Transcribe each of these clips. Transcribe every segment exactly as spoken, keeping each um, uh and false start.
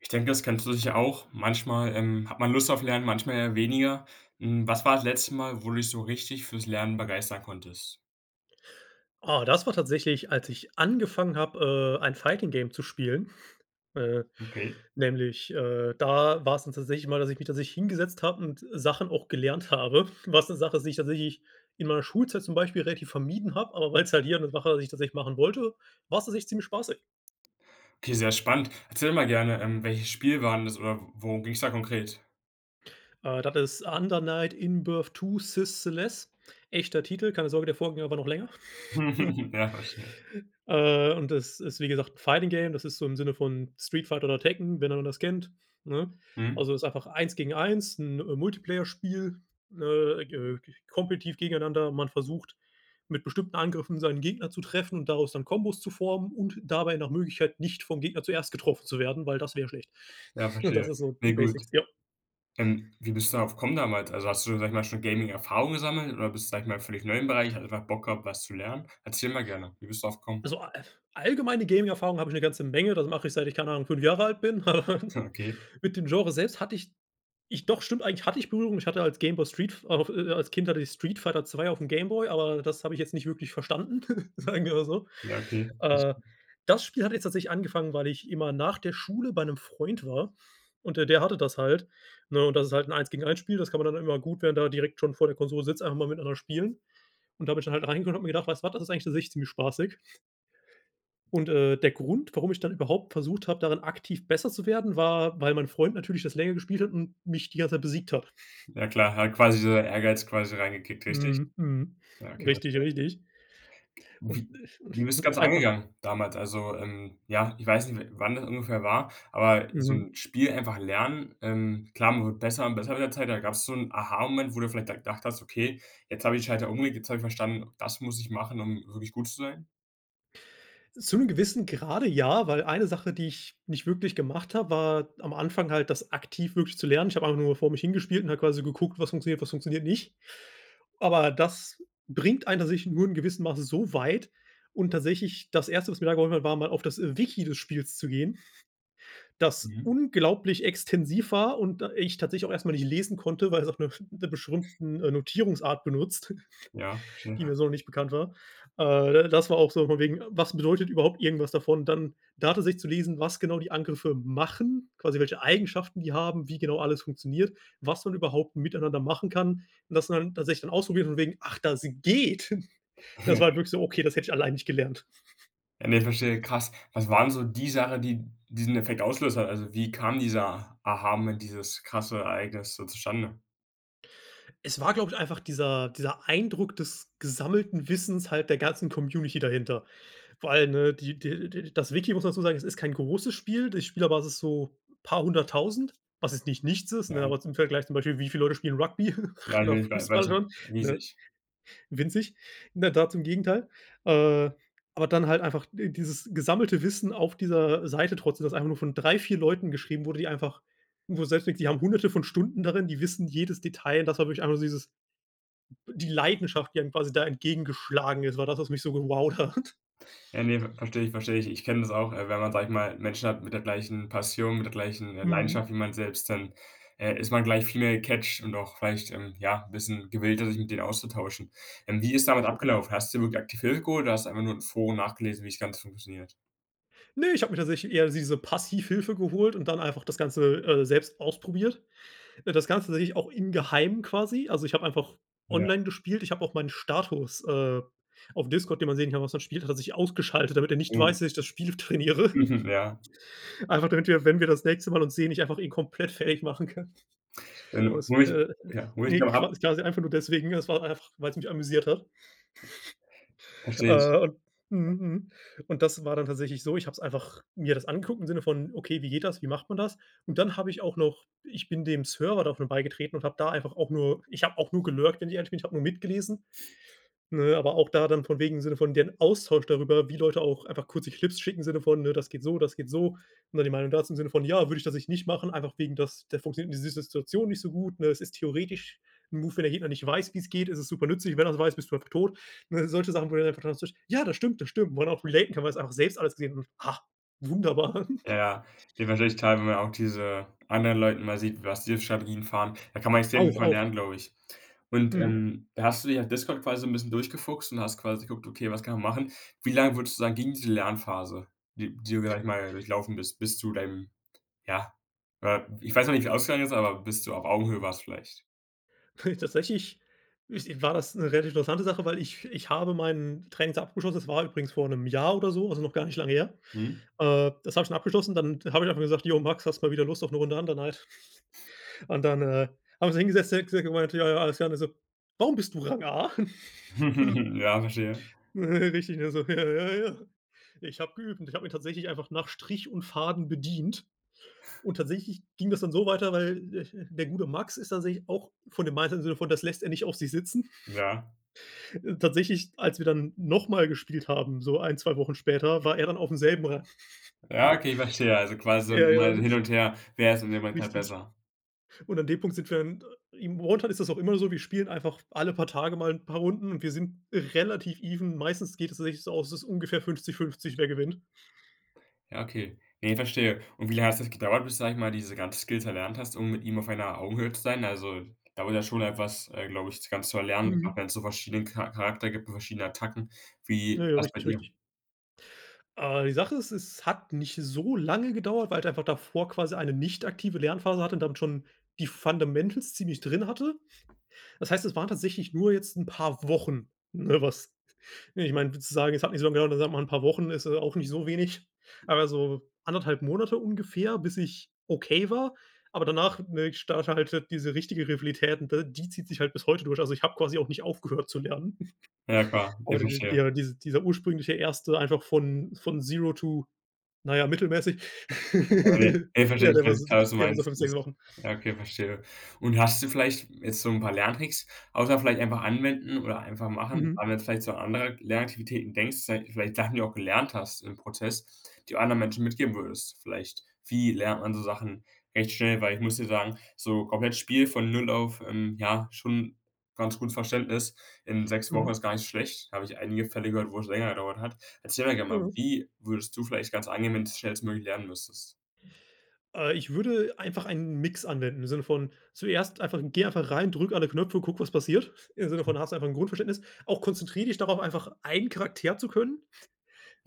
Ich denke, das kennst du sicher auch, manchmal, ähm, hat man Lust auf Lernen, manchmal eher weniger. Hm, was war das letzte Mal, wo du dich so richtig fürs Lernen begeistern konntest? Ah, das war tatsächlich, als ich angefangen habe, äh, ein Fighting-Game zu spielen, äh, Okay. nämlich, äh da war's dann tatsächlich immer, dass ich mich tatsächlich hingesetzt habe und, äh, Sachen auch gelernt habe. Was 'ne Sache ist, die ich tatsächlich in meiner Schulzeit zum Beispiel relativ vermieden habe. Aber weil's halt hier 'ne Sache ist, die ich tatsächlich machen wollte, war's tatsächlich ziemlich spaßig. Okay, sehr spannend. Erzähl mal gerne. Ähm, welches Spiel war'n das oder worum ging's da konkret? Äh, das ist Under Night In-Birth II Sys:Celes, echter Titel. Keine Sorge, der Vorgänger war noch länger. Ja, verstehe. Äh, und das ist wie gesagt, 'n Fighting-Game, das ist so im Sinne von Street Fighter oder Tekken, wenn einer das kennt, ne? Mhm. Also, ist einfach eins gegen eins, 'n Multiplayer-Spiel, äh, äh, k kompetitiv gegeneinander. Man versucht, mit bestimmten Angriffen seinen Gegner zu treffen und daraus dann Kombos zu formen und dabei nach Möglichkeit, nicht vom Gegner zuerst getroffen zu werden, weil das wäre schlecht. Ja, Und das verstehe, ist so ne die gut. Basics, ja. Ähm, wie bist du darauf gekommen damals? Also, hast du, sage ich mal, schon Gaming-Erfahrung gesammelt, oder bist du, sage ich mal völlig neu im Bereich? Hast einfach Bock gehabt, was zu lernen? Erzähl mal gerne. Wie bist du darauf gekommen? Also, a e alllgemeine Gaming-Erfahrung habe ich 'ne ganze Menge. Das mache ich, seit ich keine Ahnung, fünf Jahre alt bin. Ja okay. Mit dem Genre selbst hatte ich ich doch, stimmt eigentlich, hatte ich Berührung. Ich hatte als Gameboy Street F äh, äh, als Kind hatte ich Street Fighter 2 aufm Gameboy. Aber das habe ich jetzt nicht wirklich verstanden, sagen wir mal so. Ja, okay. Äh, [unintelligible] das Spiel hat jetzt tatsächlich angefangen, weil ich immer nach der Schule bei 'nem Freund war. Und der der hatte das halt, ne? Und das ist halt 'n eins gegen eins Spiel. Das kann man dann immer gut während man da direkt schon vor der Konsole sitzt, einfach mal miteinander spielen. Und da bin ich dann halt reingekommen und habe mir gedacht, weißt was, das ist eigentlich an sich ziemlich spaßig. Und, äh, der Grund, warum ich dann überhaupt versucht habe, darin aktiv besser zu werden, war, weil mein Freund natürlich das länger gespielt hat und mich die ganze Zeit besiegt hat. Ja klar, hat quasi so der Ehrgeiz quasi reingeklickt, richtig? Mhm, mhm. Ja, okay, Richtig, verstehe. richtig. Und, Wie äh u wie bist du das und auch Ganze einfach angegangen damals. Also, ähm, ja, ich weiß nicht, w wann das ungefähr war, aber so Mhm. 'n Spiel einfach lernen, ähm, klar, man wird besser und besser mit der Zeit, aber gab's so 'n Aha-Moment, wo du vielleicht da gedacht hast: „Okay, jetzt habe ich die Schalter umgelegt. Jetzt habe ich verstanden, das muss ich machen, um wirklich gut zu sein?“ Zum gewissen Grade, ja, weil eine Sache, die ich nicht wirklich gemacht habe, war am Anfang halt das aktiv wirklich zu lernen. Ich habe einfach nur vor mich hin gespielt und habe quasi geguckt: „Was funktioniert, was funktioniert nicht.“ Aber das bringt einen tatsächlich nur in gewissen Masse so weit. Und tatsächlich das erste, was mir da geholfen hat, war mal auf das, äh, Wiki des Spiels zu gehen, das Mhm. unglaublich extensiv war und, äh, ich tatsächlich auch erstmal nicht lesen konnte, weil es auf 'ner sch 'ne beschrimmten, äh, Notierungsart benutzt, Ja, die verstehe. mir so noch nicht bekannt war. Äh, äh, das war auch so, von wegen, was bedeutet überhaupt irgendwas davon. Dann da tatsächlich zu lesen, was genau die Angriffe machen, quasi welche Eigenschaften die haben, wie genau alles funktioniert, was man überhaupt miteinander machen kann, dass man tatsächlich dann ausprobiert von wegen: „Ach, das geht.“ Das war halt wirklich so: „Okay, das hätte ich allein nicht gelernt.“ Ja, ne, verstehe, krass. Was waren so die Sache, die diesen Effekt ausgelöst hat? Also, wie kam dieser Aha-Moment, dieses krasse Ereignis so zustande? Es war, glaube ich, einfach dieser dieser Eindruck des gesammelten Wissens halt der ganzen Community dahinter. Vor allen, ne, die der der das Wiki, muss man dazu sagen, es ist kein großes Spiel. Die Spielerbasis ist so paar hunderttausend, was jetzt nicht nichts ist, ne, Ja. aber zum Vergleich zum Beispiel, wie viele Leute spielen Rugby oder Weil wei weiß Fußball nicht schon, ne riesig. winzig, ne, da zum Gegenteil. Äh, aber dann halt einfach die dieses gesammelte Wissen auf dieser Seite trotzdem, das einfach nur von drei, vier Leuten geschrieben wurde, die einfach wo du selbst denkst, die haben Hunderte von Stunden darin, die wissen jedes Detail, und das war wirklich einfach nur dieses be die Leidenschaft, die dann quasi da entgegengeschlagen ist, war das, was mich so gewowt hat. Ja, ne, ver verstehe ich, verstehe ich. Ich kenne das auch, äh, wenn man, sage ich mal Menschen hat mit der gleichen Passion, mit der gleichen, äh, Mhm. Leidenschaft wie man selbst, dann, äh, ist man gleich viel mehr gecatcht und auch vielleicht, ähm, ja, 'n bisschen gewillter, sich mit denen auszutauschen. Ähm, wie ist damals Absolut. abgelaufen? Hast du dir wirklich aktiv Hilfe geholt oder hast du einfach nur in Foren nachgelesen, wie das Ganze funktioniert? Ne, ich habe mir tatsächlich eher diese Passivhilfe geholt und dann einfach das Ganze, äh, selbst ausprobiert. Äh, das Ganze tatsächlich auch in geheim quasi. Also, ich habe einfach Ja. online gespielt. Ich habe auch meinen Status, äh, auf Discord, den man sehen kann, was man spielt, hat er sich ausgeschaltet, damit er nicht Mhm. weiß, dass ich das Spiel trainiere. Mhm, ja. Einfach damit wir, wenn wir das nächste Mal uns sehen, ich einfach ihn komplett fertig machen kann. Äh, Und wo es, ich äh ja, wo ich ne, da habe qua quasi einfach nur deswegen, es war einfach, weil's mich amüsiert hat. Verstehe ich. Äh, und mhm mhm, und das war dann tatsächlich so, ich habe es einfach mir das angeguckt im Sinne von: „Okay, wie geht das? Wie macht man das?“ Und dann habe ich auch noch ich bin dem Server davon beigetreten und habe da einfach auch nur ich habe auch nur gelurkt, wenn ich ehrlich bin, ich habe nur mitgelesen. Ne, aber auch da dann, von wegen im Sinne von deren Austausch darüber, wie Leute auch einfach kurze Clips schicken, im Sinne von, ne: „Das geht so, das geht so.“ Ne, die Meinung dazu im Sinne von: „Ja, würde ich das ich nicht machen, einfach wegen dass der funktioniert die in dieser Situation nicht so gut, ne, es ist theoretisch 'n Move, wenn der Gegner nicht weiß, wie's geht, ist es supernützlich. Wenn er es weiß, bist du einfach tot.“ Ne, solche Sachen wo du einfach [unintelligible] „Ja, das stimmt, das stimmt.“ Wo man auch relaten kann, weil man das einfach selbst alles gesehen und: „Ha, wunderbar.“ Ja, ja, dir wird wahrscheinlich klar, wenn man auch diese anderen Leuten mal sieht, was die für Strategien fahren. Da kann man extrem viel Auch, von auch. lernen, glaube ich. Und, Mhm. ähm, da hast du dich auf Discord quasi so 'n bisschen durchgefuchst und hast quasi geguckt: „Okay, was kann man machen?“ Wie lange würdest du sagen ging diese Lernphase, die die du da, sage ich mal, durchlaufen bist, bis zu deinem, ja, äh ich weiß noch nicht, wie's ausgegangen ist, aber bis du auf Augenhöhe warst vielleicht? Tatsächlich is war das 'ne relativ interessante Sache, weil ich ich habe meine Trainings abgeschlossen. Das war übrigens vor 'nem Jahr oder so, also, noch gar nicht lange her, Mhm. äh, das habe ich schon abgeschlossen. Dann habe ich einfach gesagt: „Jo Max, hast du mal wieder Lust auf 'ne Runde Under Night? Und dann, äh, haben so hingesetzt, der hat gesagt er meinte: „Ja, ja, alles klar.“ Und dann so: „Warum bist du Rang A?“ Ja, verstehe. Richtig, ne, so: „Ja, ja, ja. Ich habe geübt.“ Und ich habe ihn tatsächlich einfach nach Strich und Faden bedient. Und tatsächlich ging das dann so weiter, weil, äh, der gute Max ist tatsächlich auch von dem Mindset, in dem Sinne von das lässt er nicht auf sich sitzen, Ja. äh, tatsächlich, als wir dann noch mal gespielt haben, so ein, zwei Wochen später war er dann aufm selben Rang. Ja, okay, verstehe. Also quasi so Ja, immer ja. hin und her wer ist in dem Moment gerade Richtig. besser. Und an dem Punkt sind wir in im [unintelligible] ist das auch immer so, wir spielen einfach alle paar Tage mal 'n paar Runden und wir sind relativ even meistens geht es tatsächlich so aus, es ist ungefähr fünfzig fünfzig, wer gewinnt. Ja, okay, ne, verstehe und wie lange hat es gedauert, bis sage ich mal diese ganze Skills erlernt hast, um mit ihm auf einer Augenhöhe zu sein? Also, dauert ja schon etwas, äh, glaube ich, das Ganze zu erlernen, Mhm. wenn es so verschiedenen Cha Charakter gibt und verschiedenen Attacken, Ja, wie ja, wars bei richtig, dir? richtig. Äh, die Sache ist, es hat nicht so lange gedauert, weil ich einfach davor quasi eine nicht aktive Lernphase hatte und damit schon die Fundamentals ziemlich drin hatte. Das heißt, es waren tatsächlich nur jetzt 'n paar Wochen, ne, was ne, ich meine so w zu sagen, es hat nicht so lange gedauert, dann sagt man 'n paar Wochen ist es auch nicht so wenig, aber so anderthalb Monate ungefähr, bis ich okay war. Aber danach, ne, ich starte halt, äh, diese richtige Rivalität und d die zieht sich halt bis heute durch also, ich habe quasi auch nicht aufgehört zu lernen. Ja, klar, Aber ich d verstehe. ja dies dieser ursprüngliche erste einfach von von Zero to, na ja, mittelmäßig. [unintelligible] Verstehe Ja, ich, der war, so sech klar was du der war so meinst fünf, sechs ist Wochen. ja okay, verstehe und hast du vielleicht jetzt so 'n paar Lerntricks außer vielleicht einfach anwenden oder einfach machen, wenn Mhm. man jetzt vielleicht so andere Lernaktivitäten denkst, sei es vielleicht Sachen die du auch gelernt hast im Prozess, die anderen Menschen mitgeben würdest, vielleicht wie lernt man so Sachen recht schnell, weil ich muss dir sagen, so komplett Spiel von null auf, ähm, ja, schon ganz gut Verständnis in sechs Wochen Mhm. ist gar nicht so schlecht. Habe ich einige Fälle gehört, wo es länger gedauert hat. Erzähl doch gerne mal, Mhm. wie würdest du vielleicht das Ganze angehen, wenn's schnellstmöglich lernen müsstest? Äh, ich würde einfach einen Mix anwenden, im Sinne von zuerst einfach geh einfach rein, drücke alle Knöpfe und gucke, was passiert, im Sinne von hast du einfach 'n Grundverständnis. Auch konzentriere dich darauf einfach einen Charakter zu können.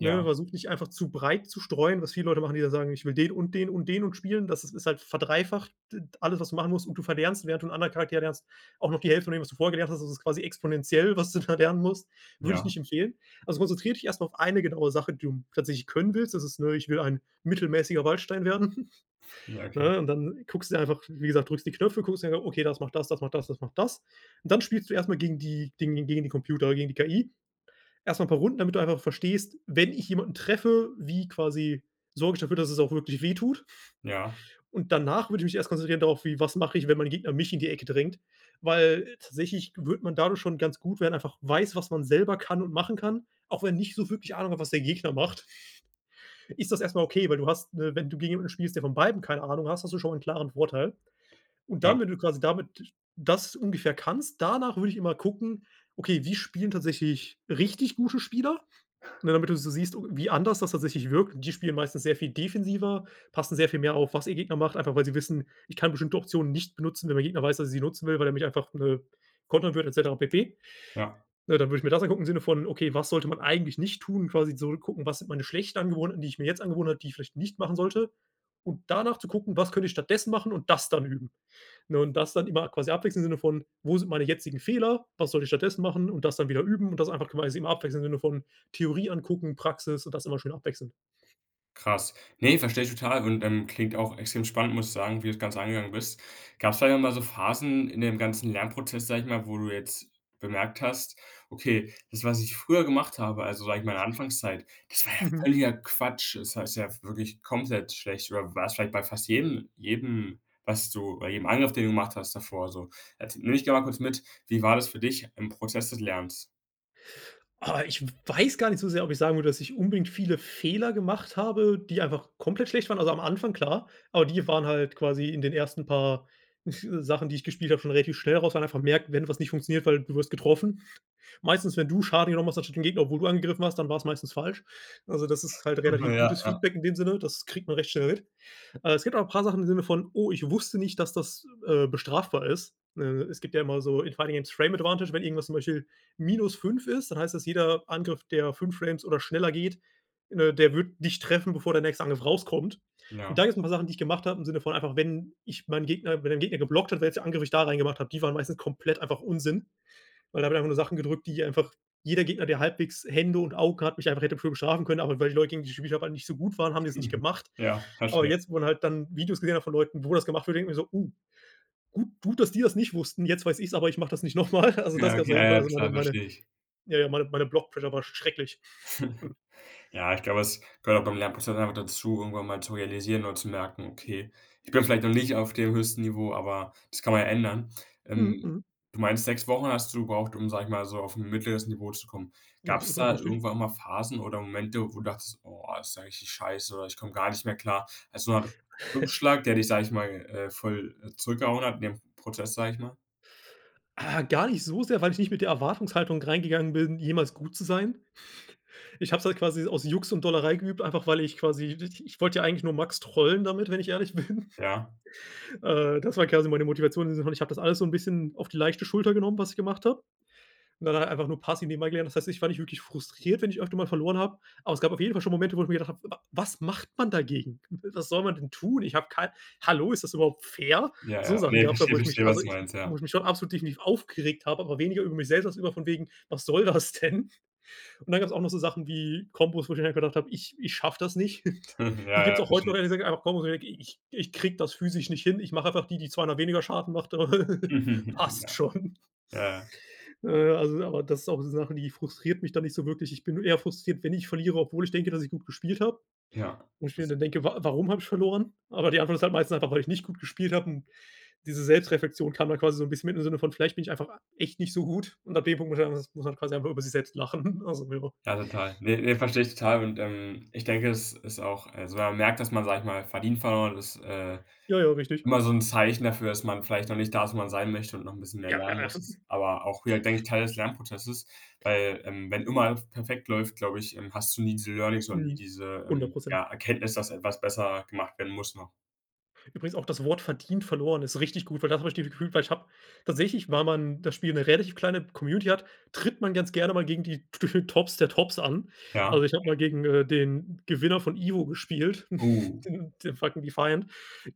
Ne, versuch nicht einfach zu breit zu streuen, was viele Leute machen, die dann sagen: „Ich will den und den und den und spielen.“ Das ist halt verdreifacht d alles, was du machen musst und du verlernst, während du 'n anderen Charakter lernst, auch noch die Hälfte von dem, was du vorher gelernt hast das ist quasi exponentiell, was du da lernen musst, würde ich Ja. nicht empfehlen. Also, konzentriere dich erstmal auf eine genaue Sache, du m tatsächlich können willst. Das ist, ne, ich will ein mittelmäßiger Waldstein werden. Ja, okay. Ne, und dann guckst dir einfach wie gesagt, drückst die Knöpfe, guckst dir: „Okay, das macht das, das macht das, das macht das“, und dann spielst du erstmal gegen die gegen gegen die Computer oder gegen die KI. Erstmal 'n paar Runden, damit du einfach verstehst, wenn ich jemanden treffe, wie quasi sorge ich dafür, dass es auch wirklich weh tut. Ja. Und danach würde ich mich erst konzentrieren darauf, wie was mache ich, wenn mein Gegner mich in die Ecke drängt? Weil, äh, tatsächlich würde man dadurch schon ganz gut werden, einfach weiß, was man selber kann und machen kann, auch wenn nicht so wirklich Ahnung hat, was der Gegner macht. Ist das erstmal okay, weil du hast ne, wenn du gegen jemanden spielst, der von beiden keine Ahnung hast, hast du schon mal 'n klaren Vorteil und Ja. dann, wenn du quasi damit das ungefähr kannst, danach würde ich immer gucken: „Okay, wie spielen tatsächlich richtig gute Spieler?“, ne, damit du so siehst, wie anders das tatsächlich wirkt. Die spielen meistens sehr viel defensiver, passen sehr viel mehr auf, was ihr Gegner macht, einfach weil sie wissen, ich kann bestimmte Optionen nicht benutzen, wenn der Gegner weiß, dass ich sie nutzen will, weil er mich einfach, äh, kontern wird et cetera pp. Ja. Ja, dann würde ich mir das angucken im Sinne von: „Okay, was sollte man eigentlich nicht tun?“ Quasi so gucken, was sind meine schlechten Angewohnheiten, die ich mir jetzt angewöhnt habe, die ich vielleicht nicht machen sollte, und danach zu gucken: „Was könnte ich stattdessen machen?“ und das dann üben, ne, und das dann immer quasi abwechseln im Sinne von: „Wo sind meine jetzigen Fehler? Was sollte ich stattdessen machen?“ und das dann wieder üben und das einfach quasi immer abwechselnd im Sinne von: „Theorie angucken, Praxis“, und das immer schön abwechseln. Krass. Ne, verstehe ich total und, ähm, klingt auch extrem spannend, muss ich sagen, wie du das Ganze angegangen bist. Gab's vielleicht auch mal so Phasen in dem ganzen Lernprozess, sage ich mal, wo du jetzt bemerkt hast: „Okay, das, was ich früher gemacht habe, also, sage ich mal in Anfangszeit, das war ja Mhm. völliger Quatsch.“ Das heißt ja wirklich komplett schlecht, oder war's vielleicht bei fast jedem jedem was du bei jedem Angriff, den du gemacht hast, davor so, et nehme mich mal kurz mit, wie war das für dich im Prozess des Lernens? Ah, ich weiß gar nicht so sehr, ob ich sagen würde, dass ich unbedingt viele Fehler gemacht habe, die einfach komplett schlecht waren. Also, am Anfang klar, aber die waren halt quasi in den ersten paar Sachen, die ich gespielt habe, schon relativ schnell raus, weil einfach merkt, wenn was nicht funktioniert, weil du wirst getroffen. Meistens, wenn du Schaden genommen hast, anstatt den Gegner, obwohl du angegriffen hast, dann war es meistens falsch. Also, das ist halt relativ Ja, gutes ja. Feedback in dem Sinne. Das kriegt man recht schnell mit. Äh, es gibt auch 'n paar Sachen im Sinne von: „Oh, ich wusste nicht, dass das, äh, bestrafbar ist.“ Äh, es gibt ja immer so in Fighting against Frame Advantage, wenn irgendwas zum Beispiel minus fünf ist, dann heißt es, jeder Angriff, der fünf Frames oder schneller geht, äh, der wird dich treffen, bevor der nächste Angriff rauskommt. Und Ja. da gibt es 'n paar Sachen, die ich gemacht habe, im Sinne von einfach, wenn ich meinen Gegner wenn ein Gegner geblockt hat, welchen Angriff ich da rein gemacht habe die waren meistens komplett einfach Unsinn, weil da habe ich einfach nur Sachen gedrückt, die einfach jeder Gegner, der halbwegs Hände und Augen hat, mich einfach hätte für bestrafen können, aber weil die Leute gegen die ich spielt habe nicht so gut waren, haben die das nicht gemacht. Ja, Aber verstehe. jetzt, wo man halt dann Videos gesehen hat von Leuten, wo das gemacht wird, denke ich mir so: „Oh. Gut gut, dass die das nicht wussten, jetzt weiß ich's, aber ich mache das nicht nochmal.“ Also, das Ja, gab's okay, auf ah jeden Fall. ja, Also meine klar, meine verstehe ich. ja, ja, meine meine Block Pressure war schrecklich. Ja, ich glaube, es gehört beim Lernprozess einfach dazu, irgendwann mal zu realisieren und zu merken: „Okay, ich bin vielleicht noch nicht auf dem höchsten Niveau, aber das kann man ja ändern.“ Mhm, Ähm, mhm. du meinst sechs Wochen hast du gebraucht, um, sage ich mal, so auf 'n mittleres Niveau zu kommen. Ja, Gab's r da richtig. irgendwann mal Phasen oder Momente, wo du dachtest: „Oh, ist ja richtig scheiße“ oder: „Ich komme gar nicht mehr klar“? Also, so 'ne Art Rückschlag, der dich, sage ich mal, äh, voll zurückgehauen hat in dem Prozess, sage ich mal. Äh, gar nicht so sehr, weil ich nicht mit der Erwartungshaltung reingegangen bin, jemals gut zu sein. Ich habe es halt quasi aus Jux und Dollerei geübt, einfach weil ich quasi, di ich wollte ja eigentlich nur Max trollen damit, wenn ich ehrlich bin. Ja. Äh, das war quasi meine Motivation und so ich habe das alles so 'n bisschen auf die leichte Schulter genommen, was ich gemacht habe. Und dann halt einfach nur passiv dem erklären. Das heißt, ich war nicht wirklich frustriert, wenn ich öfter mal verloren habe. Aber es gab auf jeden Fall schon Momente, wo ich mir gedacht habe: „Wa was macht man dagegen? Was soll man denn tun? Ich habe kein hallo, ist das überhaupt fair?“ Ja, So ja. Sachen Ne, gab's da, verstehe, wo ich verstehe, mich was also, du ich meinst, ja. wo ich mich schon absolut definitiv aufgeregt habe, aber weniger über mich selbst als über von wegen, was soll das denn? Und dann gab's auch noch so Sachen wie Kombos, wo ich dann halt gedacht habe, ich ich schaffe das nicht. Hm, ja, Die gibt's ja, auch heute verstehe. noch ehrlich gesagt einfach Kombos ich ich ich kriege das physisch nicht hin. Ich mache einfach die, die zweimal weniger Schaden macht, aber passt Ja. Ja, schon. ja. Äh, also aber das ist auch so Sachen, die frustriert mich dann nicht so wirklich. Ich bin nur eher frustriert, wenn ich verliere, obwohl ich denke, dass ich gut gespielt habe. Ja, Und ich mir das dann denke, wa warum habe ich verloren. Aber die Antwort ist halt meistens einfach, weil ich nicht gut gespielt habe und diese Selbstreflexion kam dann quasi so 'n bisschen mit im Sinne von: „Vielleicht bin ich einfach a echt nicht so gut.“ Und ab dem Punkt muss [unintelligible] muss man quasi einfach über sich selbst lachen. Also, ja. Ja, total. Ne, ne, verstehe ich total. Und, ähm, ich denke, es ist auch also, wenn man merkt, dass man, sage ich mal, verdient verloren ist, äh, Ja, ja, richtig. immer so 'n Zeichen dafür, dass man vielleicht noch nicht da ist, wo man sein möchte, und noch 'n bisschen mehr Ja, lernen ja, muss, aber auch wieder, denke ich, Teil des Lernprozesses, weil, ähm, wenn immer perfekt läuft, glaube ich, ähm, hast du nie diese Learnings oder nie Mhm, diese, hundert ähm, Prozent. ja, Erkenntnis, dass etwas besser gemacht werden muss noch. Übrigens auch das Wort verdient verloren ist richtig gut, weil da habe ich dieses Gefühl weil ich habe tatsächlich, weil man das Spiel 'ne relativ kleine Community hat, tritt man ganz gerne mal gegen die gefühlt Tops der Tops an. Ja. Also, ich habe mal gegen, äh, den Gewinner von Ivo gespielt, Oh. den den fucking defined.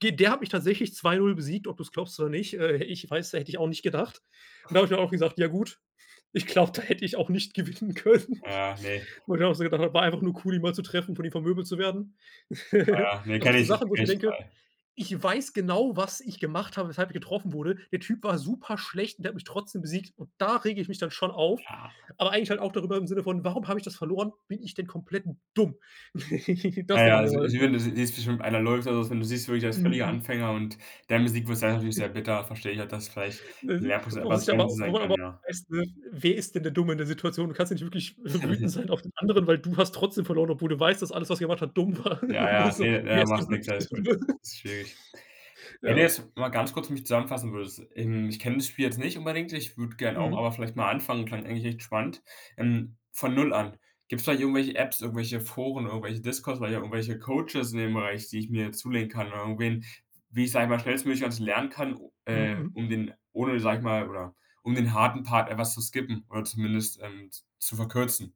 Ge der hat mich tatsächlich zwei zu null besiegt, ob du's glaubst oder nicht, hä ich weiß, hätte ich auch nicht gedacht. Und da habe ich mir auch gesagt: „Ja gut, ich glaube, da hätte ich auch nicht gewinnen können.“ Ja, ne. Wo ich dann auch so gedacht habe: „War einfach nur cool, ihn mal zu treffen, von ihm vermöbelt zu werden.“ Ah, ne, Das sind kenne so ich kenne Sachen, wo ich mir ich denke: zwei. „Ich weiß genau, was ich gemacht habe, weshalb ich getroffen wurde. Der Typ war super schlecht und der hat mich trotzdem besiegt und da rege ich mich dann schon auf, Ja. aber eigentlich halt auch darüber im Sinne von: „Warum habe ich das verloren? Bin ich denn komplett dumm?“ Das Ja, ja, denke ich mir da. also, ich [unintelligible] würde si siehst bestimmt einer läuft oder was, und du siehst wirklich, der ist völliger Mhm. Anfänger und dann besiegt wirst, dann natürlich sehr bitter verstehe ich auch, dass vielleicht [unintelligible] Lernprozess Wo einfach sich aber Bremse wo sein man kann, aber ja. auch weiß, ne, wer ist denn der Dumme in der Situation? Du kannst ja nicht wirklich wütend sein auf den anderen, weil du hast trotzdem verloren, obwohl du weißt, dass alles, was er gemacht hat, dumm war. Ja, ja, So: ne ja „Wer ist hier machst nix, wirklich der alles gut. Dumme?“ Ist schwierig. Wenn du Ja. jetzt mal ganz kurz für mich zusammenfassen würdest. Ähm, ich kenne das Spiel jetzt nicht unbedingt. Ich würde gern auch, Mhm. aber vielleicht mal anfangen. Klang eigentlich echt spannend. Ähm, von null an gibt's vielleicht irgendwelche Apps, irgendwelche Foren, irgendwelche Discos, vielleicht auch irgendwelche Coaches in dem Bereich, die ich mir zulegen kann oder irgendwen, w wie ich's einfach schnellstmöglich, also, lernen kann u Mhm. äh, Mhm. um den ohne sage ich mal, oder um den harten Part etwas zu skippen oder zumindest, ähm z zu verkürzen?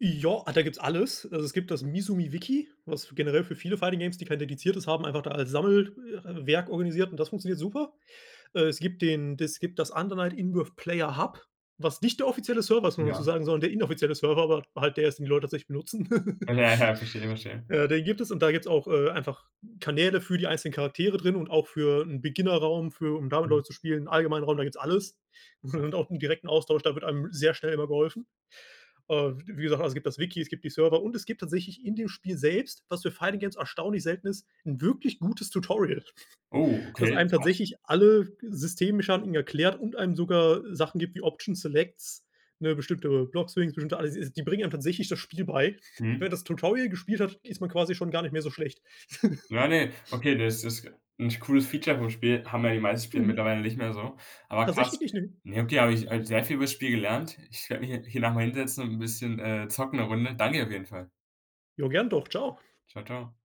Jo, äh, da gibt's alles. Also es gibt das „Mizuumi Wiki“, was generell für viele Fighting Games, die kein dediziertes haben, einfach da als Sammel äh, Werk organisiert und das funktioniert super. Äh, es gibt den das gibt das „Undernight-In-Birth-Player-Hub“, was nicht der offizielle Server ist muss man dazu Ja. sagen, sondern der inoffizielle Server, aber halt der ist, den die Leute tatsächlich benutzen. Ja, ja, ja, verstehe, verstehe. Äh, den gibt es und da gibt's auch, äh, einfach Kanäle für die einzelnen Charaktere drin und auch für 'n Beginner-Raum für um da mit Mhm. Leuten zu spielen, 'n allgemeinen Raum, da gibt's alles. Und auch Perfekt 'n direkten Austausch, da wird einem sehr schnell immer geholfen. Äh, wie gesagt, also, es gibt das Wiki, es gibt die Server und es gibt tatsächlich in dem Spiel selbst, was für Fighting-Games erstaunlich selten ist, 'n wirklich gutes Tutorial. Oh, Dass okay, einem krass. tatsächlich alle Systemmechaniken erklärt und einem sogar Sachen gibt wie Options, Selects, ne, bestimmte Block Swings, bestimmte alles, s die bringen einem tatsächlich das Spiel bei. Mhm. Wer das Tutorial gespielt hat ist man quasi schon gar nicht mehr so schlecht. Ja, ne, okay, das ist 'n cooles Feature vom Spiel, haben ja die meisten Spiele Mhm. mittlerweile nicht mehr so. Aber Tatsächlich krass. nicht, ne. Ja, okay, habe ich heute sehr viel übers Spiel gelernt. Ich werde mich hier hier nach mal hinsetzen und 'n bisschen, äh, zocken 'ne Runde. Danke auf jeden Fall. Ja, gerne doch. Tschau. Tschau tschau.